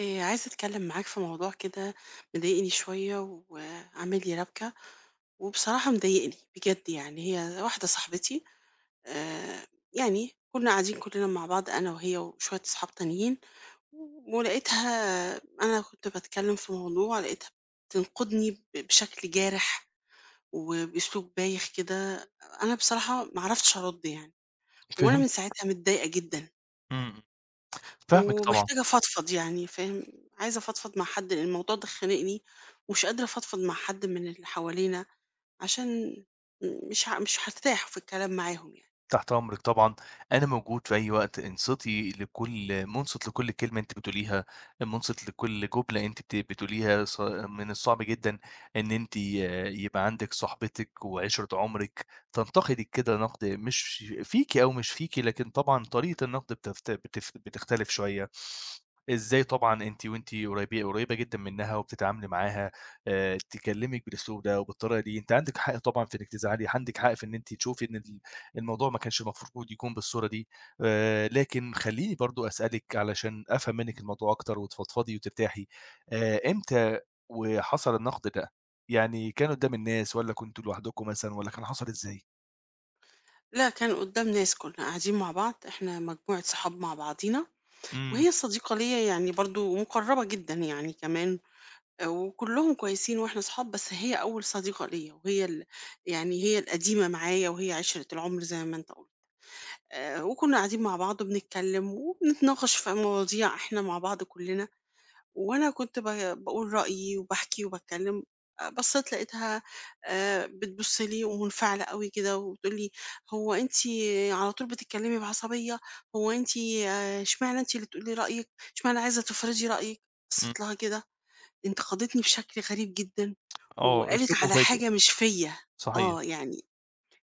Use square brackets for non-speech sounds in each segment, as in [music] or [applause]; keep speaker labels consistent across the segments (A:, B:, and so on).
A: آآ عايزة أتكلم معاك في موضوع كده مضايقني شويّة وعامل لي ربكة، وبصراحة مضايقني بجد يعني. هي واحدة صاحبتي آآ يعني كنا قاعدين كلّنا مع بعض أنا وهي وشويّة أصحاب تانيين، ولقيتها أنا كنت باتكلم في موضوع لقيتها بتنقدني ب بشكل جارح وبأسلوب بايخ كده. أنا بصراحة ما عرفتش أرد يعني، وأنا من
B: فهمتِك.
A: ساعتها متضايقة جدًا.
B: إمم، إمم فاهمِك طبعًا.
A: ومحتاجة أفضفض يعني فاهم، عايزة أفضفض مع حد لأن الموضوع ده خانقني، ومش قادرة أفضفض مع حد من اللي حوالينا عشان مش مش هارتاح في الكلام معاهم يعني.
B: تحت أمرِك طبعًا، أنا موجود في أي وقت. انصتي لكل مُنصت لكل كلمة أنتِ بتقوليها، مُنصت لكل جملة أنتِ بت بتقوليها. ص من الصعب جدًا إن أنتِ يبقى عندِك صاحبتِك وعشرة عمرِك تنتقدِك كده نقد مش فيكِ أو مش فيكِ، لكن طبعًا طريقة النقد بتف بتف بتختلف شويّة. إزاي طبعًا أنتِ وأنتِ قريبة قريبة جدًا منها وبتتعاملي معاها آآ تكلمِك بالأسلوب ده وبالطريقة دي، أنتِ عندِك حق طبعًا في إنّك تزعلي، عندِك حق في إن أنتِ تشوفي إن ال الموضوع ما كانش المفروض يكون بالصورة دي. آآ لكن خلّيني برضه أسألِك علشان أفهم منّك الموضوع أكتر وتتفضفضي وترتاحي. آآ إمتى وحصل النقد ده، يعني كان قدّام الناس والّا كنتم لوحدكم مثلًا والّا كان حصل إزاي؟
A: لأ كان قُدّام ناس، كُنّا قاعدين مع بعض إحنا مجموعة صحاب مع بعضينا
B: إمم.
A: وهي صديقة ليّا يعني برضه مُقرّبة جدًا يعني كمان وكُلّهم كويسين وإحنا صحاب، بس هي أول صديقة ليّا وهي ال يعني هي القديمة معايا وهي عِشْرة العُمْر زي ما أنت قُلت. آآ وكُنّا قاعدين مع بعض وبنتكلِّم وبنتناقش في مواضيع إحنا مع بعض كُلّنا وأنا كنت با باقول رأيي وباحكي وباتكلِّم، آآ بصّيت لقيتها آآ بتبُص لي ومُنفعلة أوي كده وبتقول لي: "هو أنتِ على طول بتتكلِّمي بعصبية، هو أنتِ إشمعنى أنتِ اللي تقولي رأيِّك، إشمعنى عايزة تفرضي رأيِّك؟"
B: إمم.
A: بصّيت لها كده انتقدتني بشكل غريب جدًا
B: آه،
A: وقالت
B: أسلوب
A: على
B: مفاجئ.
A: حاجة مش فيّا
B: صحيح.
A: آه، يعني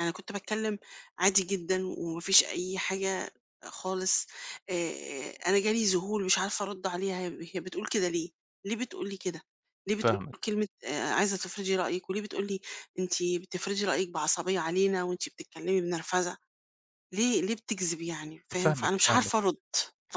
A: أنا كنت باتكلِّم عادي جدًا وما فيش أي حاجة خالص، آآ، آآ أنا جالي ذهول مش عارفة أرُد عليها هي هي بتقول كده ليه، ليه بتقول لي كده، ليه بتقول
B: فاهمِك.
A: كلمة آآ عايزة تفرضي رأيِّك وليه بتقول لي أنتِ بتفرضي رأيِّك بعصبية علينا وأنتِ بتتكلِّمي بنرفزة؟ ليه ليه بتكذب يعني فاهم؟ فأنا
B: فاهمِك،
A: مش
B: فاهمِك.
A: عارفة أرُد،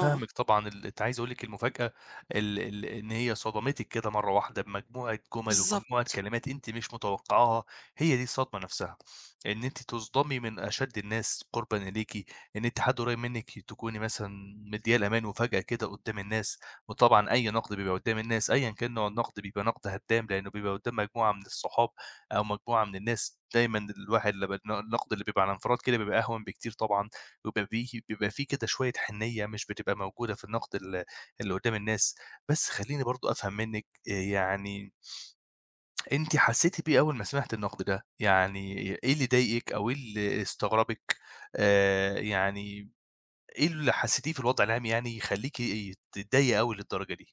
A: آه.
B: طبعًا، ال أنتِ عايز أقول لِك المفاجأة ال ال إن هي صدمتِك كده مرّة واحدة بمجموعة جُمَل ومجموعة
A: بالضبط.
B: كلمات أنتِ مش متوقّعاها هي دي الصدمة نَفْسها إن أنتِ تُصدَمي من أشَد الناس قُربًا إليكِ، إن أنتِ حد قريّب منِّك تكوني مثلًا مدّياه الأمان وفجأة كده قُدّام الناس وطبعًا أي نَقْد بيبقى قُدّام الناس أيًا كان نوع النَقْد بيبقى نَقْد هدّام ،لإنّه بيبقى قُدّام مجموعة من الصحاب أو مجموعة من الناس دايمًا الواحد لمّا بن النَقْد اللي بيبقى على انفراد كده بيبقى أهون بكتير طبعًا وبيبقى بي بيبقى فيه كده شوية حِنّية مش بتبقى موجودة في النَقْد ال اللي قُدّام الناس. بس خلّيني برضه أفهم منِّك آآ يعني أنتِ حسّيتِ بإيه أول ما سمعتِ النَقْد ده؟ يعني إيه اللي ضايقِك أو إيه اللي استغربِك؟ آآ يعني إيه اللي حسّيتيه في الوضع العام يعني يخلّيكِ تتضايقي أوي للدرجة دي؟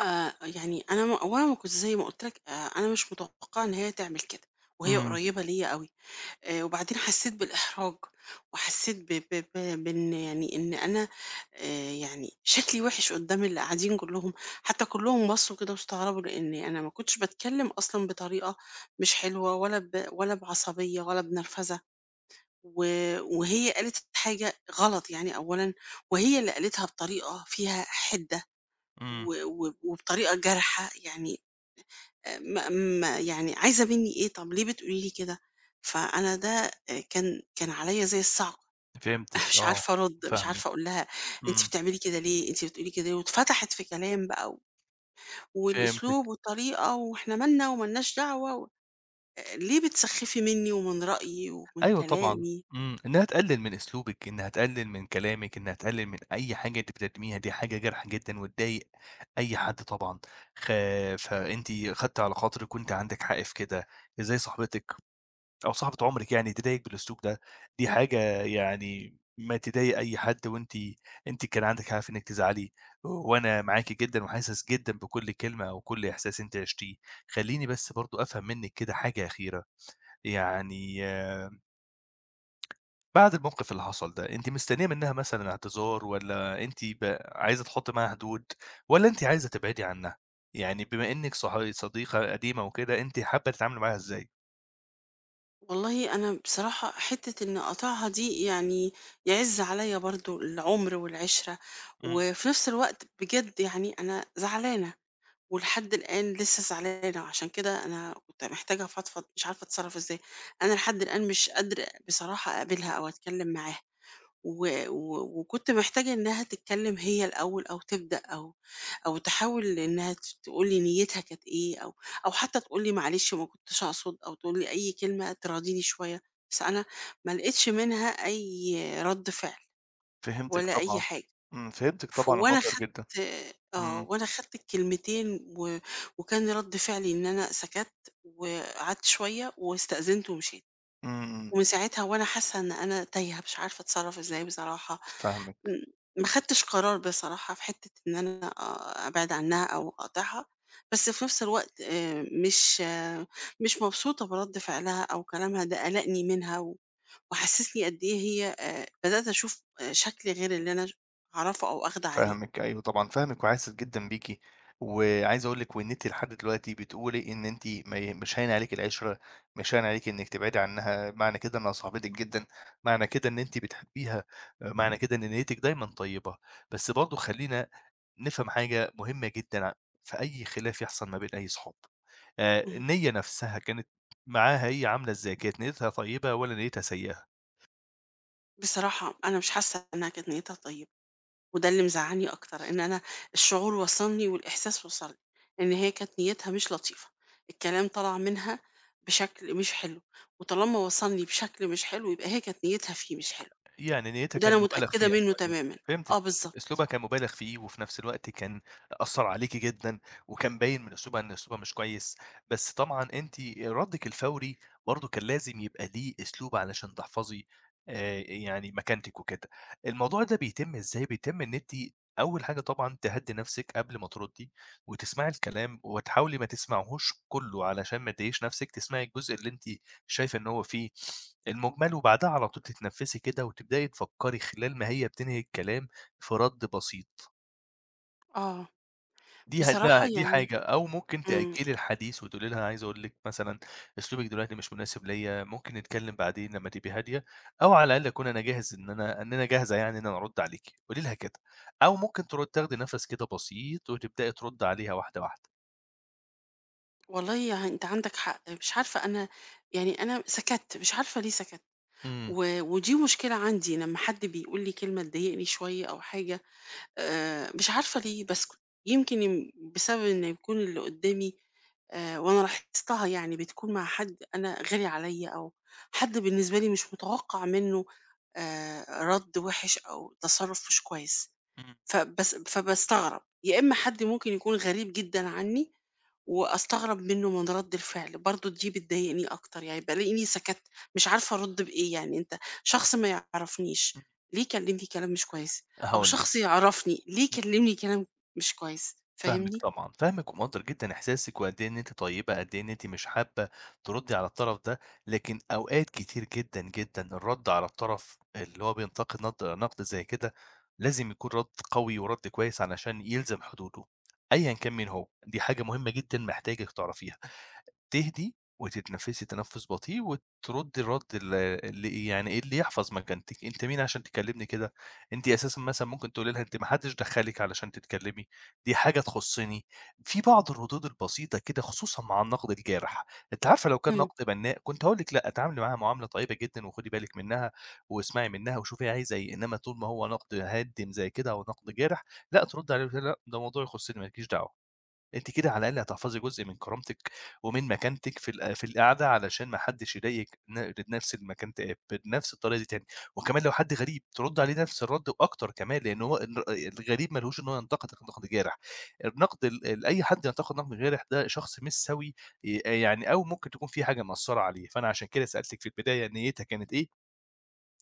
A: آآ يعني أنا م هو أنا ما كنتش زي ما قُلت لك آآ أنا مش متوقعة إن هي تعمل كده وهي
B: إمم.
A: قريبة ليّا أوي، آآ وبعدين حسيت بالإحراج وحسيت ب ب ب بإن يعني إن أنا آآ يعني شكلي وِحِش قدام اللي قاعدين كلّهم، حتى كلّهم بصوا كده واستغربوا لإن أنا ما كنتش باتكلم أصلًا بطريقة مش حلوة ولا ب ولا بعصبية ولا بنرفزة، و وهي قالت الحاجة غلط يعني أولًا وهي اللي قالتها بطريقة فيها حدة
B: إمم.
A: و و وبطريقة جارحة يعني، آآ م م يعني عايزة مني إيه؟ طَب ليه بتقولي لي كده؟ فأنا ده آآ كان، كان عليّا زي الصاعقة،
B: فهمتِك
A: [chuckles] مش
B: آه،
A: عارفة أرد مش
B: فاهمِك
A: عارفة أقول لها أنتِ
B: إمم.
A: بتعملي كده ليه؟ أنتِ بتقولي كده واتفتحت في كلام بقى و والأسلوب
B: فهمتِك.
A: والطريقة وإحنا مالنا ومالناش دعوة و آآ ليه، بتسخفي مني ومن رأيي ومن
B: أيوه طبعًا
A: كلامي؟
B: إمم، إنها تقلل من أسلوبِك إنها تقلل من كلامِك إنها تقلل من أي حاجة أنتِ بتقدميها دي حاجة جارحة جدًا وتضايق أي حد طبعًا، خا فأنتِ خدتِ على خاطرِك وأنتِ عندِك حق في كده إزاي صاحبتِك أو صاحبة عمرِك يعني تضايقِك بالأسلوب ده؟ دي حاجة يعني ما تضايق أي حد وأنتِ أنتِ كان عندِك حق في إنِّك تزعلي وأنا معاكِ جدًا وحاسس جدًا بكل كلمة وكل إحساس أنتِ عِشتيه، خلّيني بس برضو أفهم منِك كده حاجة أخيرة يعني آآ بعد الموقف اللي حصل ده أنتِ مستنية منها مثلًا اعتذار والّا أنتِ ب عايزة تحطي معاها حدود والّا أنتِ عايزة تبعدي عنها؟ يعني بما إنِك صاح صديقة قديمة وكده أنتِ حابة تتعاملي معاها إزاي؟
A: والله أنا بصراحة حتّة إن أقاطعها دي يعني يعز عليّا برضو العُمْر والعِشْرة،
B: إمم.
A: وفي نفس الوقت بجد يعني أنا زعلانة ولحد الآن لسه زعلانة وعشان كده أنا كنت محتاجة أفضفض مش عارفة أتصرف إزاي، أنا لحد الآن مش قادرة بصراحة أقابلها أو أتكلم معاها، و و وكنت محتاجة إنها تتكلم هي الأول أو تبدأ أو أو تحاول إنها ت تقول لي نيتها كانت إيه، أو أو حتى تقول لي معلش ما كنتش أقصد أو تقول لي أي كلمة تراضيني شوية، بس أنا ما لقتش منها أي رد فعل
B: فهمتِك
A: ولا أي
B: طبعًا،
A: حاجة،
B: إمم فهمتِك
A: ف
B: طبعًا
A: وأنا
B: ومقدّر
A: خدت
B: جدًا
A: آآ آه
B: إمم.
A: وأنا خدت الكلمتين و وكان رد فعلي إن أنا سكت وقعدت شوية واستأذنت ومشيت،
B: إمم. إمم.
A: ومن ساعتها وأنا حاسة إن أنا تايهة، مش عارفة أتصرف إزاي بصراحة م
B: فاهمِك.
A: ما اخدتش قرار بصراحة في حتّة إن أنا آآ أبعد عنها أو أقاطعها، بس في نفس الوقت آآ مش آآ مش مبسوطة من رد فعلها أو كلامها ده قلقني منها و وحسسني قد إيه هي آآ بدأت أشوف آآ شكل غير اللي أنا ش أعرفه أو آخده عليه.
B: فاهمِك أيوه طبعًا فاهمِك وحاسس جدًا بيكِ، وعايز أقول لِك وإن أنتِ لحد دلوقتي بتقولي إن أنتِ ما ي مش هاين عليكِ العِشرة مش هاين عليكِ إنِك تبعدي عنها معنى كده إنها صاحبتِك جدًا، معنى كده إن أنتِ بتحبيها، معنى كده إن نيتِك دايمًا طيبة، بس برضو خلّينا نفهم حاجة مهمة جدًا في أي خلاف يحصل ما بين أي صحاب، آآ
A: اهم.
B: النية نفسها كانت معاها هي عاملة إزاي؟ كانت نيتها طيبة والّا نيتها سيئة؟
A: بصراحة أنا مش حاسّة إنها كانت نيّتها طيّبة. وده اللي مزعّلني أكتر، إن أنا الشعور وصَلني والإحساس وصَلني إن هي كانت نيّتها مش لطيفة. الكلام طلَع منها بشكل مش حلو، وطالما وصَلني بشكل مش حلو يبقى هي كانت نيّتها فيه مش حلو،
B: يعني نيّتها
A: وده
B: كان
A: أنا
B: مبالَغ
A: متأكدة
B: فيها
A: منُّه
B: شوية،
A: تمامًا. آه،
B: فهمتِك، فهمتِك،
A: بالضبط.
B: أسلوبها كان مبالَغ فيه، وفي نفْس الوقت كان أثّر عليكِ جدًا، وكان باين من أسلوبها إن أسلوبها مش كويس. بس طبعًا أنتِ ردِّك الفوري برضه كان لازم يبقى ليه أسلوب علشان تحفَظي آآ، يعني مكانتِك وكده. الموضوع ده بيتم إزاي، بيتم إن أنتِ أول حاجة طبعًا تهدِّي نفْسِك قبل ما ترُدّي، وتسمَعي الكلام، وتحاولي ما تسمَعيهوش كلّه علشان ما تضايقيش نفْسِك، تسمَعي الجزء اللي أنتِ شايفة إن هو في [inhales] المُجمل وبعدها على طول تتنفّسي كده، وتبدئي تفكّري خلال ما هي بتنهي الكلام في رَد بسيط.
A: آه،
B: دي هتبق
A: بصراحة
B: دي
A: يعني
B: حاجة، أو ممكن
A: إمم
B: تأجّلي الحديث وتقولي لها: "أنا عايزة أقول لِك مثلًا أسلوبِك دلوقتي مش مناسب ليَّ، ممكن نتكلّم بعدين لمّا تبقي هادية، أو على الأقل أكون أنا جاهز إن أنا إن أنا جاهزة يعني إن أنا أرُد عليكِ." قولي لها كده. أو ممكن تردّ تاخدي نفَس كده بسيط، وتبدئي ترُدّي عليها واحدة، واحدة.
A: والله أنت عندك حق. مش عارفة أنا يعني أنا سكتّ، مش عارفة ليه سكتّ.
B: إمم.
A: و ودي مشكلة عندي لمّا حد بيقول لي كلمة تضايقني شويّة أو حاجة آآ، مش عارفة ليه باسكُت. يمكن يم بسبب إنّه يكون اللي قُدّامي آآ وأنا لاحظتها يعني بتكون مع حد أنا غالي عليّا أو حد بالنسبة لي مش متوقَّع منّه آآ رَد وِحِش أو تصرُّف مش كويس.
B: إمم.
A: فباس فباستغرب، يا إمّا حد ممكن يكون غريب جدًا عنّي وأستغرب منّه من رَد الفعل، برضه دي بتضايقني أكتر، يعني بالاقيني سكتّ، مش عارفة أرُد بإيه يعني. أنت شخص ما يعرفنيش
B: إمم.
A: ليه يكلِّمني كلام مش كويّس؟ أو
B: هاقول لك.
A: شخص يعرفني ليه يكلِّمني كلام مش كويس،
B: فاهمِك
A: فاهمني؟
B: طبعًا، فاهمِك ومقدّر جدًا إحساسِك وقد إيه إن أنتِ طيبة، قد إيه إن أنتِ مش حابّة ترُدي على الطرف ده، لكن أوقات كتير جدًا، جدًا الرَد على الطرف اللي هو بينتقد ند نَقْد زي كده لازم يكون رَد قوي ورد كويّس علشان يلزم حدوده، أيًا كان مين هو، دي حاجة مهمّة جدًا محتاجِك تعرفيها. تهدي وتتنفِّسي تنفُّس بطيء وترُدّي الرَد ال ال إيه، يعني اللي يحفظ مكانتِك. أنت مين عشان تكلِّمني كده؟ أنتِ أساسًا مثلًا ممكن تقولي لها أنتِ ما حدّش دخّلِك علشان تتكلّمي، دي حاجة تخُصّني. في بعض الردود البسيطة كده خصوصًا مع النَقْد الجارح. أنتِ عارفة لو كان
A: إمم.
B: نَقْد بَنّاء كنت هاقول لِك: لأ، تعاملي معاها معاملة طيبة جدًا، وخُدي بالِك منّها واسمعي منّها وشوفي هي عايزة إيه، إنّما طول ما هو نَقْد هادم زي كده أو نَقْد جارح، لأ، تردي عليه وتقولي لها لأ، ده موضوع يخُصّني مالكيش دعوة. أنتِ كده على الأقل هتحفظي جزء من كرامتِك ومن مكانتِك في ال في القعدة علشان ما حدّش يضايق ن نَفْس المكان ت بنَفْس الطريقة دي تاني، وكمان لو حد غريب ترُدّي عليه نَفْس الرَد وأكتر كمان، لإن هو ان الغريب ما لهوش إن هو ينقدِك نَقْد جارح. النَقْد ال أي حد ينتقد نَقْد جارح ده شخص مش سَوي، ي آآ يعني أو ممكن تكون في حاجة مأثّرة عليه. فأنا عشان كده سألتِك في البداية نيّتها كانت إيه،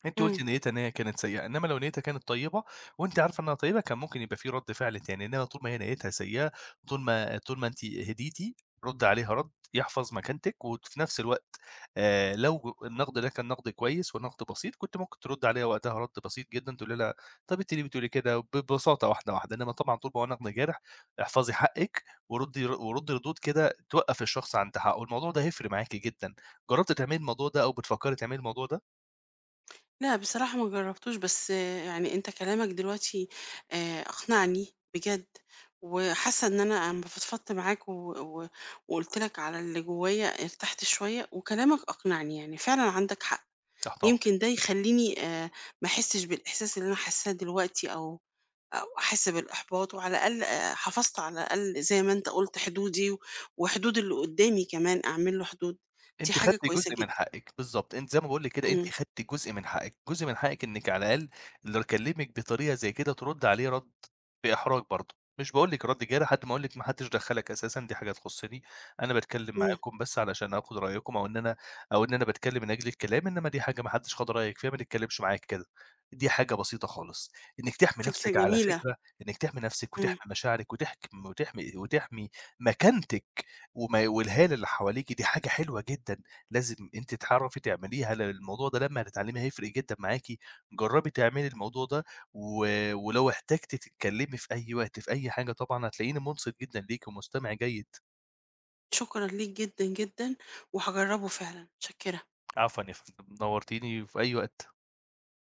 B: أنتِ
A: إمم.
B: قُلتِ نيّتها إن هي كانت سيئة، إنّما لو نيّتها كانت طيبة وأنتِ عارفة إنّها طيبة، كان ممكن يبقى فيه رَد فِعْل تاني، إنّما طول ما هي نيّتها سيّئة، طول ما طول ما أنتِ هديتي، رُدّي عليها رَد يحفظ مكانتِك وت في نَفْس الوقت آآ لو النَقْد ده كان نَقْد كويس ونَقْد بسيط، كنت ممكن ترُدّي عليها وقتها رد بسيط جدًا، تقولي لها طَب أنت ليه بتقولي كده؟ ببساطة واحدة، واحدة. إنّما طبعًا طول ما هو نَقْد جارح احفظي حقِّك ورُدّي ر وردي ردود كده توقَّف الشخص عند حقّه، الموضوع ده هيفرِق معاكِ جدًا. جرّبتِ تعملي الموضوع ده أو بتفكّري تعملي الموضوع ده؟
A: لا بصراحة مجرّبتوش، بس يعني أنت كلامك دلوقتي آآ، أقنعني بجد وحاسّة إن أنا أمّا فضفضت معاك و و وقُلت لك على اللي جوّايا ارتحت شوية وكلامك أقنعني، يعني فعلًا عندك حق،
B: تحت
A: يمكن
B: أمرِك.
A: ده يخلّيني آآ، ما أحسّش بالإحساس اللي أنا حاسّاه دلوقتي أو أو أحس بالإحباط وعلى الأقل آآ، حفَظت على الأقل زي ما أنت قُلت حدودي و وحدود اللي قُدّامي كمان، أعمل له حدود، دي
B: أنتِ
A: حاجة
B: خدتِ
A: كويسة
B: جزء من
A: جدًا.
B: حقِّك، بالضبط، أنتِ زي ما باقول لِك كده،
A: إمم.
B: أنتِ خدتِ جزء من حقِّك، جزء من حقِّك إنِك على الأقل لو كلّمِك بطريقة زي كده تردّي عليه رَد بإحراج برضه، مش باقول لكِ رَد جارِح لحد ما أقول لِك ماحدّش دخّلك أساسًا، دي حاجة تخصّني، أنا باتكلّم
A: إمم.
B: معاكم بس علشان آخُد رأيكم أو إن أنا أو إن أنا باتكلّم من أجل الكلام، إنما دي حاجة ماحدّش خَد رأيك فيها، ما تتكلّمش معايا كده، دي حاجة بسيطة خالص، إنِك تحْمي
A: فكرة
B: نفسِك، على
A: جميلة.
B: فكرة إنِك تحْمي نفسِك
A: إمم.
B: وتحْمي مشاعرِك وتحك م وتحْمي وتحْمي مكانتِك وماي والهالة اللي حواليكِ دي حاجة حلوة جدًا لازم أنتِ تعرَفي تعمليها لأن الموضوع ده لمّا هتتعلّميه هيفرِق جدًا معاكِ، جرّبي تعملي الموضوع ده و ولو احتجتِ تتكلّمي في أي وقت، في أي حاجة طبعًا هتلاقيني مُنصِت جدًا ليكِ ومُستمِع جيد.
A: شكرًا ليك جدًا، جدًا، وهاجرّبه فعلًا، متشكّرة.
B: عفوًا يا فندم، نوّرتيني وفي أي وقت.